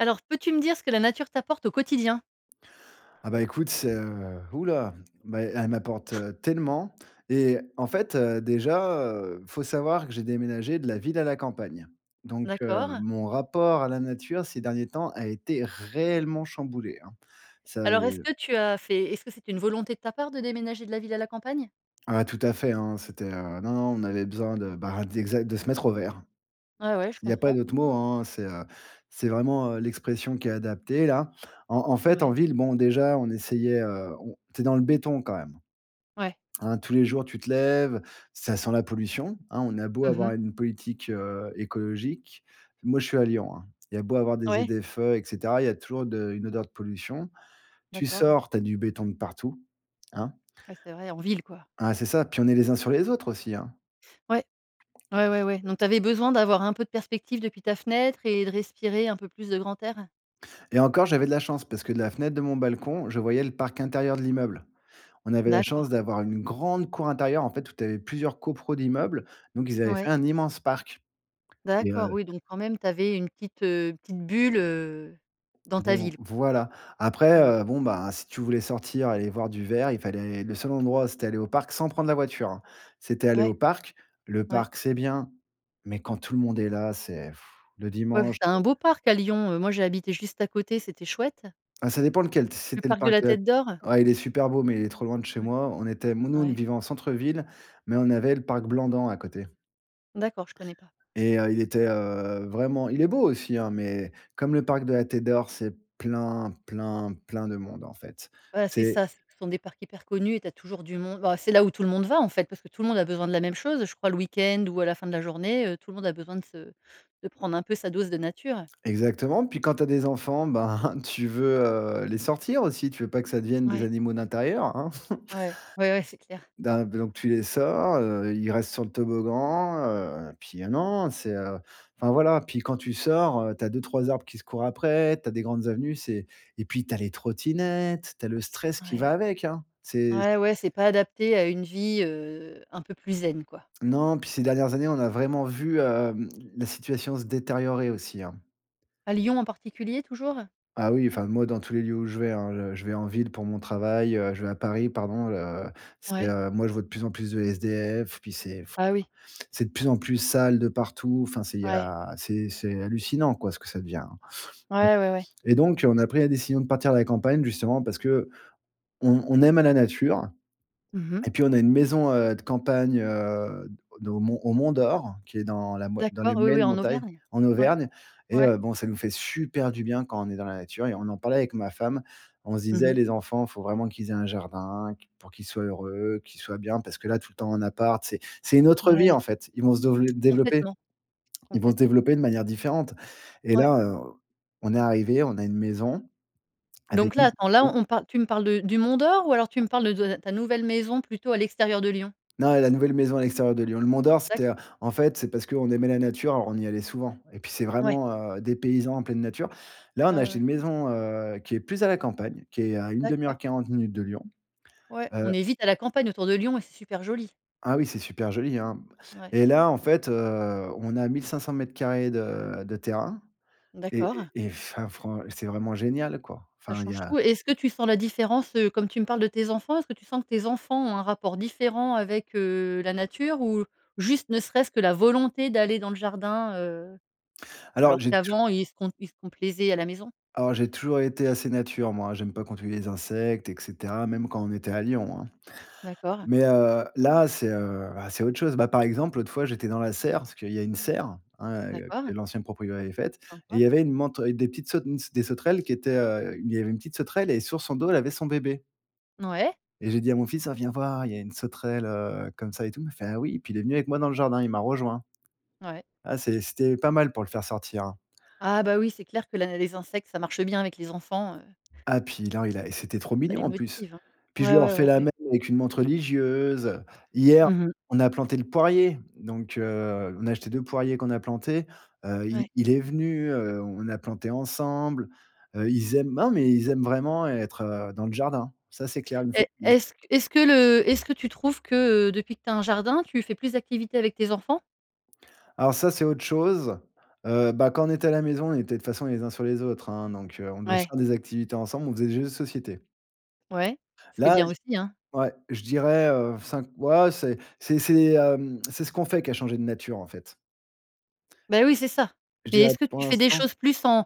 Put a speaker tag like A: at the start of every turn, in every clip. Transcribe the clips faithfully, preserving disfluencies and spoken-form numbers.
A: Alors peux-tu me dire ce que la nature t'apporte au quotidien?
B: Ah, bah, écoute, c'est heu ouh là, bah, elle m'apporte, heu, tellement et en fait, heu, déjà, heu, faut savoir que j'ai déménagé de la ville à la campagne. Donc, heu,
A: D'accord.
B: mon rapport à la nature ces derniers temps a été réellement chamboulé hein. Ça,
A: Alors est-ce
B: heu
A: que tu as fait est-ce que c'est une volonté de ta part de déménager de la ville à la campagne?
B: Ah, tout à fait, hein, c'était heu non, non, on avait besoin de bah, d'exa de se mettre au vert.
A: Ouais, ouais, je
B: Il y a pas
A: comprends.
B: d'autre mot, hein, c'est heu, c'est vraiment, heu, l'expression qui est adaptée là. En en fait en
A: Ouais.
B: ville, bon déjà on essayait, heu, on tu es dans le béton quand même.
A: Ouais.
B: Hein, tous les jours tu te lèves, ça sent la pollution, hein, on a beau
A: Mmh
B: avoir
A: mh.
B: une politique, heu, écologique. Moi, je suis à Lyon, hein. Il y a beau avoir des
A: Ouais.
B: ZFE, et cetera, il y a toujours de une odeur de pollution. Tu
A: D'accord.
B: sors, tu as du béton de partout, hein.
A: Ouais, c'est vrai en ville quoi.
B: Hein, c'est ça, puis on est les uns sur les autres aussi hein.
A: Ouais. Ouais,
B: C
A: ouais, ouais. Donc
B: c
A: tu avais besoin d'avoir un peu de perspective depuis ta fenêtre et de respirer un peu plus de grand air?
B: Et encore j'avais de la chance parce que de la fenêtre de mon balcon, je voyais le parc intérieur de l'immeuble. On avait la chance
A: D'accord.
B: d'avoir une grande cour intérieure en fait où tu avais plusieurs copro d'immeubles, donc ils avaient fait
A: Ouais.
B: un immense parc. Mais heu
A: D'accord. Oui, donc quand même tu avais une petite, heu, petite bulle, heu, dans ta
B: Bon
A: ville quoi.
B: voilà, après,
A: Mmh.
B: heu, bon, bah, si tu voulais sortir, aller voir du vert, il fallait le seul endroit c'était aller au parc sans prendre la voiture, hein. C'était aller
A: Ouais.
B: au parc, le
A: Ouais.
B: parc c'est bien, mais quand tout le monde est là, c'est pfff, le
A: Ouais, parce
B: dimanche
A: que tu as un beau parc à Lyon, heu, moi j'ai habité juste à côté c'était chouette.
B: Bah ça dépend lequel, si
A: Le
B: c'était le
A: parc de
B: parc
A: la
B: de la
A: tête d'or?
B: [unintelligible] Ouais, il est super beau, mais il est trop loin de chez
A: Ouais.
B: moi. On était mou nous on
A: Ouais.
B: vivait en centre-ville, mais on avait le parc Blandan à côté
A: D'accord, je connais pas.
B: et heu, il était, heu, vraiment il est beau aussi hein, mais comme le parc de la Tête d'Or, c'est plein, plein, plein de monde en fait.
A: Voilà, c'est
B: C'est
A: ça ce sont des parcs hyper connus et tu as toujours du monde bah, c'est là où tout le monde va en fait parce que tout le monde a besoin de la même chose, heu, je crois le week-end ou à la fin de la journée, heu, tout le monde a besoin de se de prendre un peu sa dose de nature.
B: Exactement, puis quand tu as des enfants, ben, tu veux, heu, les sortir aussi. Tu veux pas que ça devienne des
A: Ouais.
B: animaux d'intérieur. Hein?
A: Ouais. Ouais, ouais, c'est clair!
B: Da donc tu les sors, heu, ils restent sur le toboggan, heu, puis ah non, non, c'est heu enfin voilà, puis quand tu sors heu, tu as deux-trois arbres qui se courent après, tu as des grandes avenues, c'est et puis tu as les trottinettes, tu as le stress qui
A: Ouais.
B: va avec hein. C'est c
A: Ouais, ouais c'est pas adapté à une vie, heu, un peu plus zen quoi.
B: Non, puis ces dernières années, on a vraiment vu hem, la situation se détériorer aussi hein.
A: À Lyon en particulier toujours?
B: Ah oui, enfin moi dans tous les lieux où je vais hein, le je vais en ville pour mon travail, heu, je vais à Paris pardon le heu, c'est
A: Ouais.
B: heu moi je vois de plus en plus de SDF, puis c'est f
A: Ah oui.
B: c'est de plus en plus sale de partout, enfin c'est il y
A: Ouais.
B: a c'est c'est hallucinant quoi ce que ça devient, hein.
A: Ouais, ouais, ouais.
B: Et donc on a pris la décision de partir de la campagne justement parce qu'on on aime à la nature.
A: Mmh mh.
B: Et puis on a une maison, heu, de campagne, heu, de au Mont au Mont d'Or qui est dans la moi dans les
A: D'accord oui, oui
B: moyennes
A: en
B: montagnes,
A: Auvergne?
B: en
A: Ouais.
B: Auvergne et
A: Ouais.
B: heu, bon ça nous fait super du bien quand on est dans la nature et on en parlait avec ma femme, on se
A: Mmh
B: disait:
A: mh.
B: «Les enfants, faut vraiment qu'ils aient un jardin, q pour qu'ils soient heureux, qu'ils soient bien», parce que là tout le temps en appart c'est c'est une autre vie en
A: Ouais.
B: fait. Ils vont se dovelé développer
A: Complètement,
B: ils vont se
A: complètement.
B: développer de manière différente. Et
A: Ouais.
B: là heu, on est arrivé, on a une maison avec.
A: Donc là attends, là
B: [unintelligible]
A: on parle tu me parles de du Mont d'or ou alors tu me parles de de ta ta nouvelle maison à plutôt l'extérieur de Lyon?
B: Non, et la nouvelle maison à l'extérieur de Lyon. Le Mont d'or
A: D'acc
B: c'était en fait c'est parce qu'on aimait la nature, on y allait souvent et puis c'est
A: Ouais.
B: vraiment, heu, dépaysant en pleine nature. Là on
A: Ouais,
B: a
A: ouais,
B: acheté
A: ouais.
B: une maison, heu, qui est plus à la campagne, qui est à une demi-heure,
A: D'accord.
B: quarante minutes de Lyon.
A: Ouais,
B: Heu
A: on est vite à la campagne autour de Lyon et c'est super joli!
B: Ah oui, c'est super joli, hein.
A: Ouais.
B: Et là, en fait, heu, on a mille cinq-cent mètres carrés de de terrain et
A: D'accord.
B: et et enfin fran c'est vraiment génial quoi.
A: Ça
B: Enfin, il y
A: change
B: a.
A: tout. Et est ce que tu sens la différence? Heu, comme tu me parles de tes enfants. Est ce que tu sens que tes enfants ont un rapport différent avec, heu, la nature ou juste ne serait-ce que la volonté d'aller dans le jardin, heu?
B: Alors
A: Alors
B: j'ai tou
A: qu'avant ils se com ils se complaisaient à la maison
B: alors j'ai toujours été assez nature moi. J'aime pas qu'on tue les insectes, et cetera, même quand on était à Lyon, hein.
A: D'accord.
B: Mais, heu, là, c'est, heu, bah c'est autre chose. Bah, par exemple, l'autre fois, j'étais dans la serre, parce qu'il y a une serre, hein, heu,
A: D'accord.
B: que l'ancienne proprio avait faite, et il
A: Sympa.
B: y avait une mante, avec des petites saut une des sauterelles qui étaient, heu, il y avait une petite sauterelle et sur son dos elle avait son bébé.
A: Ouais.
B: Et j'ai dit à mon fils: «Ah viens voir, il y a une sauterelle, heu, comme ça et tout», il me fait: «Ah oui» et puis il est venu avec moi dans le jardin, il m'a rejoint.
A: Ouais.
B: Ah c'est c'était pas mal pour le faire sortir, hein.
A: Ah bah oui, c'est clair que là, les insectes, ça marche bien avec les enfants, heu.
B: Ah, puis alors il a et c'était trop
A: Ça
B: mignon
A: les
B: en plus.
A: motive hein.
B: Puis je
A: Ouais,
B: lui ai
A: ouais,
B: refait
A: ouais,
B: la
A: ouais.
B: même avec une mante religieuse. Hier,
A: Mmh mh.
B: on a planté le poirier. Donc, heu, on a acheté deux poiriers qu'on a planté. Heu, i
A: Ouais.
B: il est venu, heu, on l'a planté ensemble. Heu, ils aiment non mais ils aiment vraiment être, heu, dans le jardin, ça c'est clair, une
A: Et
B: surprise.
A: est ce est ce que le est ce que tu trouves que, heu, depuis que tu as un jardin, tu fais plus activités avec tes enfants?
B: Alors ça, c'est autre chose. Heu, bah, quand on était à la maison, on était, de toute façon, les uns sur les autres, hein, donc, heu, on devait
A: Ouais.
B: faire des activités ensemble, on faisait des jeux de société.
A: Ouais. Ce qui est
B: Là
A: bien
B: j
A: aussi, hein.
B: ouais, je dirais, heu, cinq, ouais, c'est c'est c'est, hem, c'est ce qu'on fait qui a changé de nature en fait.
A: Bah oui, c'est ça.
B: Je
A: Mais,
B: dirais
A: est-ce que
B: pour
A: tu fais des
B: l'instant.
A: choses plus en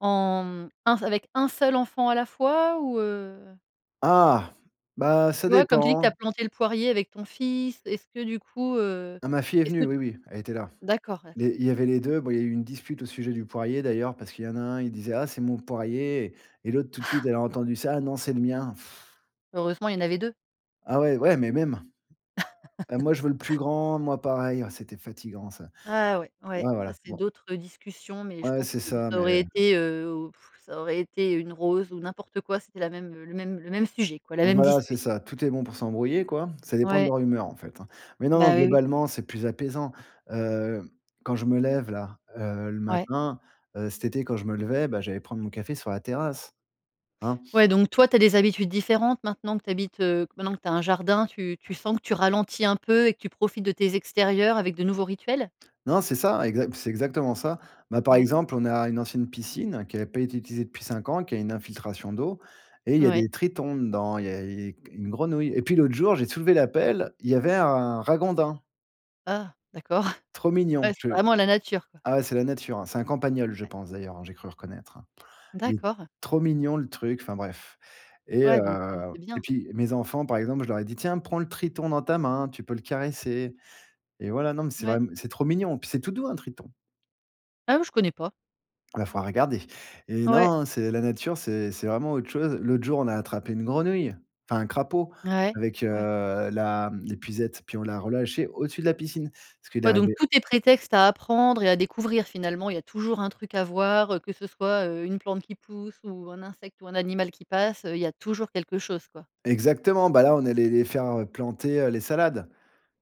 A: en un s avec un seul enfant à la fois ou, heu?
B: Ah! Bah ça
A: Tu vois, comme tu dis que tu
B: dépend.
A: as planté le poirier avec ton fils. Est-ce que du coup, heu,
B: Ma fille est
A: est-ce
B: venue,
A: que?
B: oui, oui, elle était là.
A: D'accord,
B: I
A: d'accord.
B: Il y avait les deux, bon il y a eu une dispute au sujet du poirier d'ailleurs parce qu'il y en a un, il disait: «Ah c'est mon poirier» et l'autre tout de suite elle a entendu ça: «Non, c'est le mien».
A: Heureusement, il y en avait deux.
B: Ah ouais, ouais, mais même. Heu: «Moi je veux le plus grand, moi pareil», ouais, c'était fatigant ça.
A: Ah ouais, ouais,
B: Ouais,
A: ça,
B: voilà,
A: c'est
B: bon.
A: d'autres discussions, mais je
B: Ouais,
A: pense
B: c'est
A: que
B: ça,
A: ça
B: mais,
A: aurait
B: heu.
A: été, heu, ça aurait été une rose ou n'importe quoi, c'était la même le même le même sujet quoi, la même
B: Voilà,
A: dispute.
B: c'est ça. Tout est bon pour s'embrouiller quoi. Ça dépend de
A: Ouais.
B: leur humeur, en fait, hein. Mais non, non,
A: Bah, oui, oui.
B: globalement, c'est plus apaisant. Heu, quand je me lève là, heu, le
A: Ouais.
B: matin, heu, cet été quand je me levais, bah, j'allais prendre mon café sur la terrasse, hein.
A: Ouais, donc toi tu as des habitudes différentes maintenant que tu habites, heu maintenant que tu as un jardin tu tu sens que tu ralentis un peu et que tu profites de tes extérieurs avec de nouveaux rituels?
B: Non, c'est ça, exa c'est exactement ça. Bah, par
A: Ouais.
B: exemple, on a une ancienne piscine qui avait pas été utilisée depuis cinq ans et qui a une infiltration d'eau et il y a
A: Ouais.
B: des tritons dedans, il y a et une grenouille. Et puis l'autre jour, j'ai soulevé la pelle, il y avait un ragondin.
A: Ah, d'accord.
B: Trop mignon
A: Ouais, c'est
B: je
A: vraiment la nature, quoi.
B: ah ouais, c'est la nature, hein? C'est un campagnol, je
A: Ouais.
B: pense, d'ailleurs, hein? J'ai cru reconnaître, hein? Et
A: D'accord.
B: trop mignon le truc, enfin bref. Et heu,
A: Ouais, donc, heu, c'est
B: et
A: bien.
B: puis, mes enfants, par exemple, je leur ai dit: «Tiens, prends le triton dans ta main, tu peux le caresser» et voilà. Non, mais c'est
A: Ouais.
B: vraim c'est trop mignon. Puis, c'est tout doux un triton.
A: Ah non, je connais pas.
B: Bah, faudra regarder. Et
A: Ouais.
B: non, c'est la nature, c'est c'est vraiment autre chose. L'autre jour, on a attrapé une grenouille, enfin un crapaud,
A: Ouais,
B: avec, heu,
A: ouais.
B: la hem, l'épuisette. Puis, on l'a relâché au-dessus de la piscine, parce qu'il
A: Ouais, donc,
B: arrivait
A: tout est prétexte à apprendre et à découvrir. Finalement, il y a toujours un truc à voir, heu, que ce soit, heu, une plante qui pousse ou un insecte ou un animal qui passe, heu, il y a toujours quelque chose, quoi.
B: Exactement, bah, là, on allait les faire, heu, planter, heu, les salades.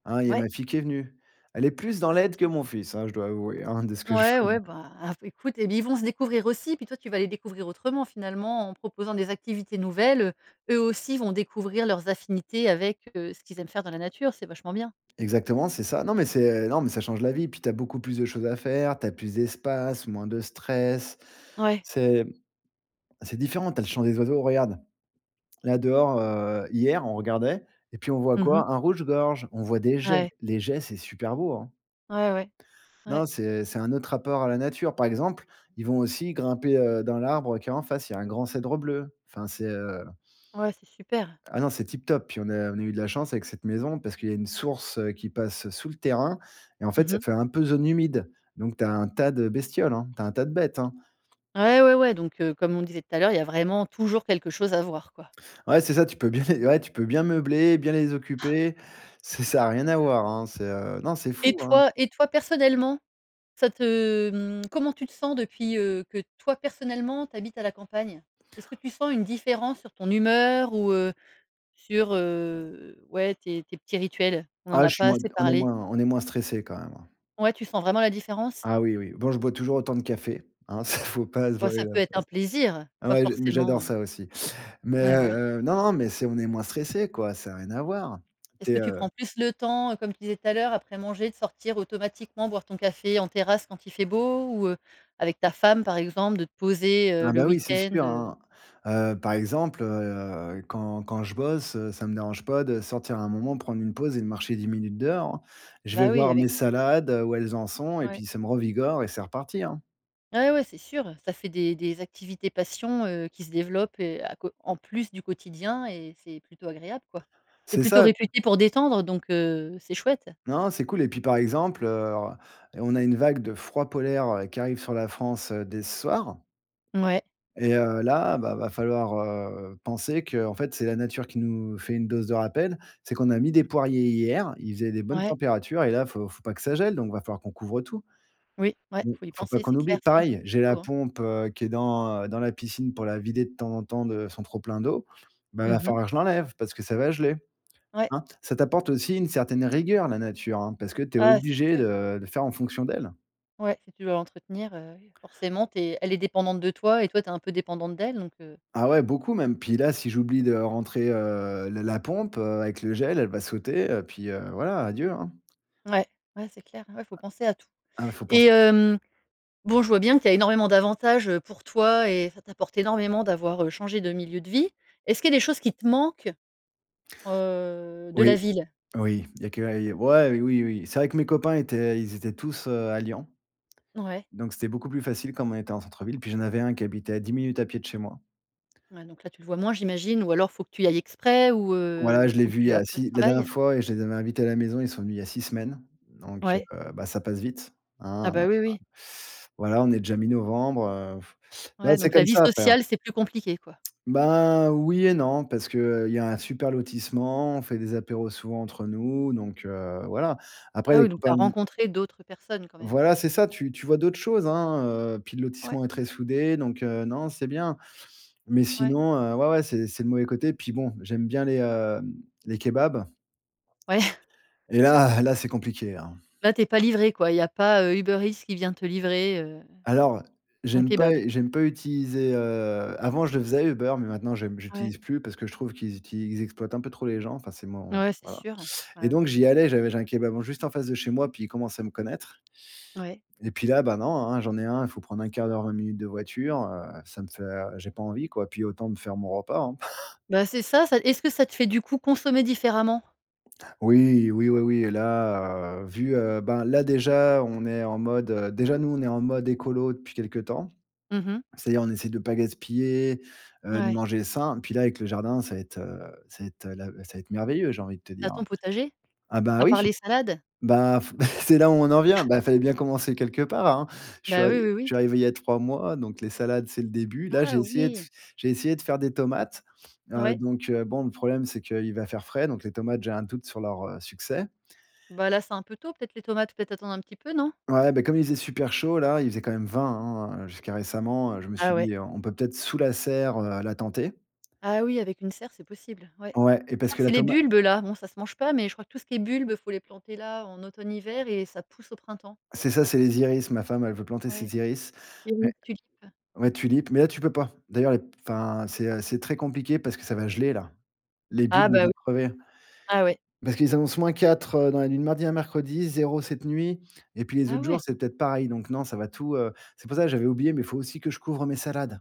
B: Hein, il y a
A: Ouais.
B: ma fille qui est venue. Elle est plus dans
A: Ouais, c'est
B: l'aide que
A: bien.
B: mon fils, hein, je dois avouer, hein, de ce que je
A: Ouais, ouais,
B: rem
A: bah, écoute et ils vont se découvrir aussi. Puis toi tu vas les découvrir autrement. Finalement, en proposant des activités nouvelles, eux aussi vont découvrir leurs affinités avec, heu, ce qu'ils aiment faire dans la nature. C'est vachement bien!
B: Exactement, c'est ça. Non, mais c'est non, mais ça change la vie. Puis, tu as beaucoup plus de choses à faire. Tu as plus d'espace, moins de stress.
A: Ouais.
B: C'est c'est différent. Tu as le chant des oiseaux. Regarde, là, dehors, heu, hier on regardait, et puis, on voit
A: Mmh mh.
B: quoi? Un rouge gorge, on voit des geais,
A: Ouais.
B: les geais c'est super beau, hein!
A: Ouais, ouais.
B: Non,
A: Ouais.
B: c'est c'est un autre rapport à la nature. Par exemple, ils vont aussi grimper, heu, dans l'arbre qui est en face, il y a un grand cèdre bleu. Enfin c'est heu
A: Ouais, c'est super.
B: Ah non, c'est tip top, puis on est on a eu de la chance avec cette maison, parce qu'il y a une source, heu, qui passe sous le terrain. Et en fait,
A: Mmh
B: ça
A: mh.
B: fait un peu zone humide. Donc, tu as un tas de bestioles, hein. Tu as un tas de bêtes, hein.
A: Ouais, ouais, ouais, donc, heu, comme on disait tout à l'heure, il y a vraiment toujours quelque chose à voir, quoi.
B: Ouais, c'est ça. Tu peux bien les ouais, tu peux bien meubler, bien les occuper. Ça ça a rien à voir, hein? C'est, heu, non, c'est
A: Et
B: fou hein.
A: toi et toi, personnellement, ça te hem, comment tu te sens depuis, heu, que toi, personnellement, tu habites à la campagne? Est ce que tu sens une différence sur ton humeur, ou, heu, sur, heu, ouais, tes tes petits rituels? On n'en
B: Ah,
A: a
B: je suis
A: pas
B: moins
A: assez
B: on est
A: parlé.
B: moins on est moins stressés quand même, hein.
A: Ouais, tu sens vraiment la différence?
B: Ah oui, oui. Bon, je bois toujours autant de café, hein. Ça, faut pas se
A: Ouais,
B: voiler
A: ça
B: la
A: peut être un
B: face.
A: plaisir, pas
B: Ouais, j'ai mais j'adore
A: forcément heu
B: ça, aussi. Mais,
A: Mais, voilà.
B: heu, non, mais c'est on est moins stressés, quoi. Ça a rien à voir. Tu
A: Est-ce que
B: es,
A: tu
B: heu
A: prends plus le temps, heu, comme tu disais tout à l'heure, après manger, de sortir automatiquement boire ton café en terrasse, quand il fait beau, ou, heu, avec ta femme, par exemple, de te poser, heu,
B: Ah,
A: le
B: bah, oui, c'est
A: week-end,
B: sûr
A: heu?
B: hein. Heu, par exemple, heu, heu, quand quand je bosse, heu, ça me dérange pas de sortir un moment prendre une pause et de marcher dix minutes dehors, hein? Je vais
A: Bah, oui,
B: voir mes
A: avec, heu
B: salades, heu, où elles en sont et
A: Ouais.
B: puis ça me revigore. Et c'est reparti, hein?
A: Ouais, ouais, c'est sûr. Ça fait des des activités passion, heu, qui se développent et à cô en plus du quotidien et c'est plutôt agréable, quoi. C'est
B: C'est
A: plutôt
B: ça.
A: réputé pour détendre, donc, heu, c'est chouette.
B: Non, c'est cool. Et puis, par exemple, heu, on a une vague de froid polaire, heu, qui arrive sur la France, dès ce soir.
A: Mouais.
B: Et heu, là, bah, il va falloir, heu, penser qu'en fait c'est la nature qui nous fait une dose de rappel. C'est qu'on a mis des poiriers hier, il faisait des bonnes
A: Ouais.
B: températures, et là, il faut faut pas que ça gèle. Donc, il va falloir qu'on couvre tout.
A: Oui, ouais.
B: Mmh,
A: Il faut y
B: faut pas
A: penser,
B: qu'on
A: c'est
B: oublie.
A: clair. Sinon tu,
B: Pareil,
A: [unintelligible]
B: j'ai la
A: hein?
B: pompe, heu, qui est dans, heu, dans la piscine, pour la vider, de temps en temps, de son trop plein d'eau, bah, il
A: Mmh
B: va
A: mh.
B: falloir que je l'enlève parce que ça va geler,
A: Ouais.
B: hein? Ça t'apporte aussi une certaine rigueur, la nature, hein, parce que tu es
A: Ouais, c'est
B: obligé
A: sûr.
B: de de faire en fonction d'elle.
A: Ouais, si tu veux l'entretenir, heu, forcément tu es elle est dépendante de toi. Et toi, tu es un peu dépendant d'elle. Donc, heu
B: Ah ouais, beaucoup même. Puis là, si j'oublie de rentrer, heu, le la pompe, heu, avec le gel, elle va sauter et puis, heu, voilà, adieu, hein?
A: Ouais. Ouais, c'est clair. Ouais, faut penser à tout.
B: Ah, bah, faut pens
A: Et hem, bon, je vois bien qu'il y a énormément d'avantages, heu, pour toi, et ça t'apporte énormément, d'avoir, heu, changé de milieu de vie. Est-ce qu'il y a des choses qui te manquent, heu, de la
B: Oui.
A: ville?
B: Oui, il y a que a i ouais, oui, oui. C'est vrai que mes copains étaient ils étaient tous, heu, à Lyon,
A: Ouais.
B: donc, c'était beaucoup plus facile, comme on était en centre-ville. Puis, j'en avais un qui habitait à dix minutes à pied de chez moi.
A: Ouais, donc, là, tu le vois moins, j'imagine. Ou, alors, faut que tu y ailles exprès ou,
B: Ouais la
A: heu,
B: je l'ai
A: quand
B: vu il y
A: tu
B: a
A: après le
B: si la dernière
A: travail?
B: fois je les avais invités à la maison, ils sont venus il y a six semaines. Donc,
A: Ouais?
B: heu, bah, ça passe vite,
A: Ah,
B: hein?
A: bah, oui, oui!
B: Voilà, on est déjà mi-novembre, heu. Bah,
A: Ouais,
B: c'est
A: donc, la
B: comme
A: vie
B: ça après, hein?
A: sociale, c'est plus compliqué, quoi.
B: Bah oui. Et non, parce qu'il y a un super lotissement, on fait des apéros souvent entre nous, donc, heu, voilà. Après
A: Ah,
B: les
A: oui! Donc, tu
B: copains
A: as
B: de mi
A: rencontré d'autres personnes, quand même.
B: Voilà c'est ça. Tu tu vois d'autres choses, hein, heu, puis le
A: Ouais.
B: lotissement est très soudé donc, heu, non, c'est bien. Mais,
A: Ouais.
B: sinon, heu, ouais, ouais c'est c'est le mauvais côté. Puis, bon, j'aime bien les, heu, les kebabs.
A: Ouais.
B: Et là là c'est compliqué, hein?
A: Là, tu es pas livré, quoi. Il y a pas, heu, Uber Eats qui vient te livrer, heu,
B: Alors,
A: ton
B: j'aime pas
A: kébab.
B: j'aime pas utiliser, heu, avant je le faisais, Uber. Mais, maintenant, j'aime
A: Ouais.
B: j'utilise plus parce que je trouve qu'ils utili ils exploitent un peu trop les gens, enfin c'est mon
A: Ouais, c'est
B: voilà.
A: sûr.
B: Et
A: Ah oui.
B: donc, j'y allais, j'avais j'ai un kebab juste en face de chez moi, puis ils commençaient à me connaître.
A: Ouais.
B: Et puis, là, ben, non, hein? J'en ai un, il faut prendre un quart d'heure, vingt minutes de voiture, heu. Ça me fait, heu, j'ai pas envie quoi. Puis, autant me faire mon repas, hein?
A: Bah, c'est ça. Ça est-ce que ça te fait, du coup, consommer différemment?
B: Oui, oui, oui, oui. Et là, heu, vu, heu, ben, là, déjà, on est en mode heu, déjà, nous, on est en mode écolo, depuis quelques temps.
A: Mmh mh.
B: C'est-à-dire, on essaie de pas gaspiller, heu, de
A: Ouais.
B: manger sain. Puis, là, avec le jardin, ça va être, heu, ça va être, heu, là, ça va être merveilleux, j'ai envie de te
A: Tu as
B: dire
A: ton
B: hein.
A: potager?
B: Ah, bah,
A: À part
B: oui,
A: les salades?
B: ben, c'est là, où, on en vient! Bah, il fallait bien commencer quelque part, hein? Je suis
A: Bah, oui, oui,
B: je
A: oui.
B: suis arrivé il y a trois mois, donc les salades, c'est le début. Là, j'ai
A: Ah!
B: essayé de f
A: Oui!
B: j'ai essayé de faire des tomates. Heu,
A: Ouais.
B: donc, heu, bon, le problème, c'est qu'il va faire frais, donc les tomates, j'ai un doute sur leur, heu, succès.
A: Bah, là, c'est un peu tôt peut-être les tomates? Faut peut-être attendre un petit peu, non?
B: Ouais, bah, comme il faisait super chaud là, il faisait quand même vingt hein, heu, jusqu'à récemment, heu. Je me suis
A: Ah ouais.
B: dit: «On peut, peut-être, sous la serre, heu, la tenter».
A: Ah oui, avec une serre, c'est possible. Ouais.
B: Ouais, et
A: Je
B: parce
A: crois
B: que
A: que
B: la
A: c'est les
B: toma
A: bulbes-là. Bon ça se mange pas. Mais, je crois que tout ce qui est bulbes, il faut les planter là, en automne-hiver et ça pousse au printemps.
B: C'est ça, c'est les iris. Ma femme, elle veut planter
A: Ouais,
B: ses iris. Ouais
A: [unintelligible] tulipes.
B: ouais tulipes, mais là tu peux pas. D'ailleurs, les p enfin, c'est heu, c'est très compliqué parce que ça va geler là. Les
A: Ah,
B: bulbes,
A: bah,
B: vont
A: oui.
B: crever.
A: Ah ouais.
B: Parce qu'ils annoncent moins quatre dans la nuit de mardi à mercredi, zéro cette nuit et puis les
A: Ah
B: autres
A: ouais?
B: jours, c'est peut-être pareil. Donc, non, ça va tout, heu c'est pour ça que j'avais oublié, mais il faut aussi que je couvre mes salades.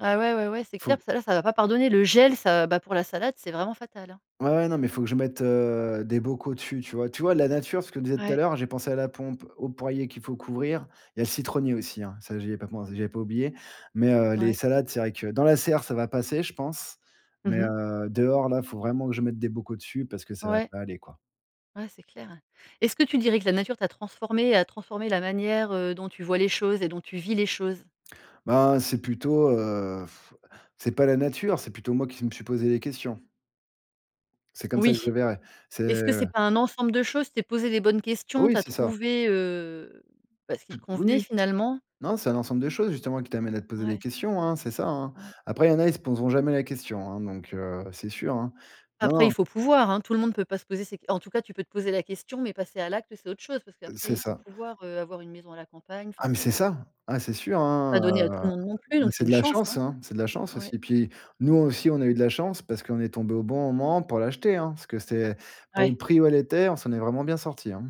A: Ah ouais, ouais, ouais, c'est clair
B: Faut
A: que ça là, ça va pas pardonner le gel ça, bah pour la salade, c'est vraiment fatal.
B: Ouais, non, mais il faut que je mette, heu, des bocaux dessus, tu vois. Tu vois la nature, ce que disait tout à
A: Ouais.
B: l'heure, j'ai pensé à la pompe, au poirier qu'il faut couvrir. Il y a le citronnier aussi, hein, ça j'y ai pas pen j'avais pas oublié. Mais, heu, les
A: Ouais.
B: salades, c'est vrai que dans la serre, ça va passer, je pense, mais,
A: Mmh mh.
B: heu, dehors là, il faut vraiment que je mette des bocaux dessus parce que ça va
A: Ouais.
B: pas aller, quoi.
A: Ouais, c'est clair. Est-ce que tu dirais que la nature t'a transformé, a transformé la manière, heu, dont tu vois les choses et dont tu vis les choses?
B: Bah, c'est plutôt, heu. C'est pas la nature, c'est plutôt moi qui s me suis posé les questions. C'est comme ça que je
A: Oui.
B: le verrai. C'est
A: Est-ce que c'est pas un ensemble de choses? Tu t'es posé les bonnes questions,
B: Oui,
A: tu as
B: c'est ça.
A: trouvé, heu, bah ce qui
B: Tout
A: te
B: Oui,
A: convenait
B: oui.
A: finalement?
B: Non, c'est un ensemble de choses justement qui t'amènent à te poser des
A: Ouais.
B: questions, hein, c'est ça, hein.
A: Ouais.
B: Après, il y en a, ils se poseront jamais la question, hein, donc, heu, c'est sûr, hein. Non,
A: Après, il
B: non.
A: faut pouvoir, hein. Tout le monde peut pas se poser ces en tout cas, tu peux te poser la question, mais passer à l'acte, c'est autre chose parce qu'après,
B: C'est
A: il faut
B: ça.
A: pouvoir, heu, avoir une maison à la campagne
B: Ah,
A: enfin
B: mais
A: c'est
B: c'est
A: pas
B: ça. Ah, c'est sûr, hein.
A: pas donné à tout
B: Heu,
A: le monde non plus donc c'est
B: c'est de
A: une
B: la
A: chance,
B: chance,
A: hein.
B: hein, c'est de la chance
A: Ouais.
B: aussi. Et puis nous aussi, on a eu de la chance parce qu'on est tombé au bon moment pour l'acheter, hein, parce que c'est pour le
A: Ouais.
B: prix où elle était, on s'en est vraiment bien sorti, hein.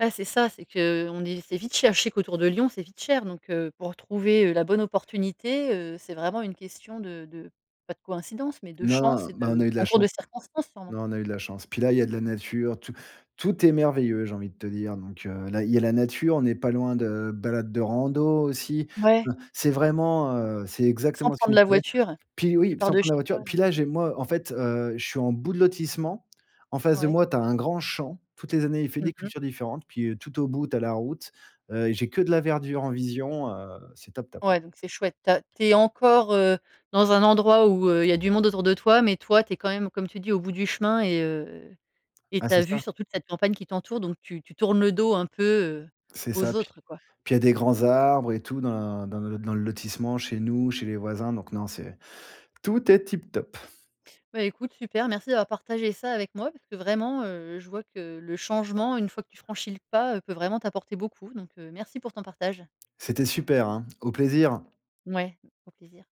A: Ouais, c'est ça. C'est que, on est c'est vite cher, je sais qu'autour de Lyon, c'est vite cher donc, heu, pour trouver, heu, la bonne opportunité, heu, c'est vraiment une question de de, pas de coïncidence, mais de
B: Non,
A: chance
B: non.
A: et
B: Bah, on a
A: de
B: eu de la
A: concours
B: chance.
A: de circonstances sûrement.
B: Non, on a eu de la chance. Puis là, il y a de la nature, tout tout est merveilleux, j'ai envie de te dire. Donc, heu, là, il y a la nature, on n'est pas loin de balades de rando aussi.
A: Ouais.
B: [unintelligible] C'est vraiment, heu, c'est
A: Sans
B: exactement ce qu'il
A: prendre
B: nous
A: la
B: fallait.
A: voiture.
B: Puis
A: Tu
B: oui,
A: pars
B: sans
A: de
B: prendre la
A: chez
B: voiture.
A: toi, là.
B: Puis là, j'ai moi, en fait, heu, je suis en bout de lotissement, en face de
A: Ouais.
B: moi, tu as un grand champ, toutes les années, il fait
A: Mmh
B: des
A: mh.
B: cultures différentes, puis tout au bout, tu as la route, heu, j'ai que de la verdure en vision, heu, c'est top-top ouais.
A: Ouais donc c'est chouette. Tu as tu es encore, heu, dans un endroit où, heu, il y a du monde autour de toi, mais toi, tu es quand même comme tu dis au bout du chemin et heu, et
B: Ah,
A: tu as
B: c'est
A: vue
B: ça.
A: sur toute cette campagne qui t'entoure donc tu tu tournes le dos un peu, heu,
B: C'est ça.
A: aux
B: Pis
A: autres quoi.
B: puis il y a des grands arbres et tout dans dans le le lotissement, chez nous, chez les voisins, donc non, c'est. Tout est tip-top.
A: Bah écoute, super. Merci d'avoir partagé ça avec moi parce que vraiment, heu, je vois que le changement, une fois que tu franchis le pas, peut vraiment t'apporter beaucoup. Donc, merci pour ton partage.
B: C'était super, hein, au plaisir.
A: Ouais, au plaisir.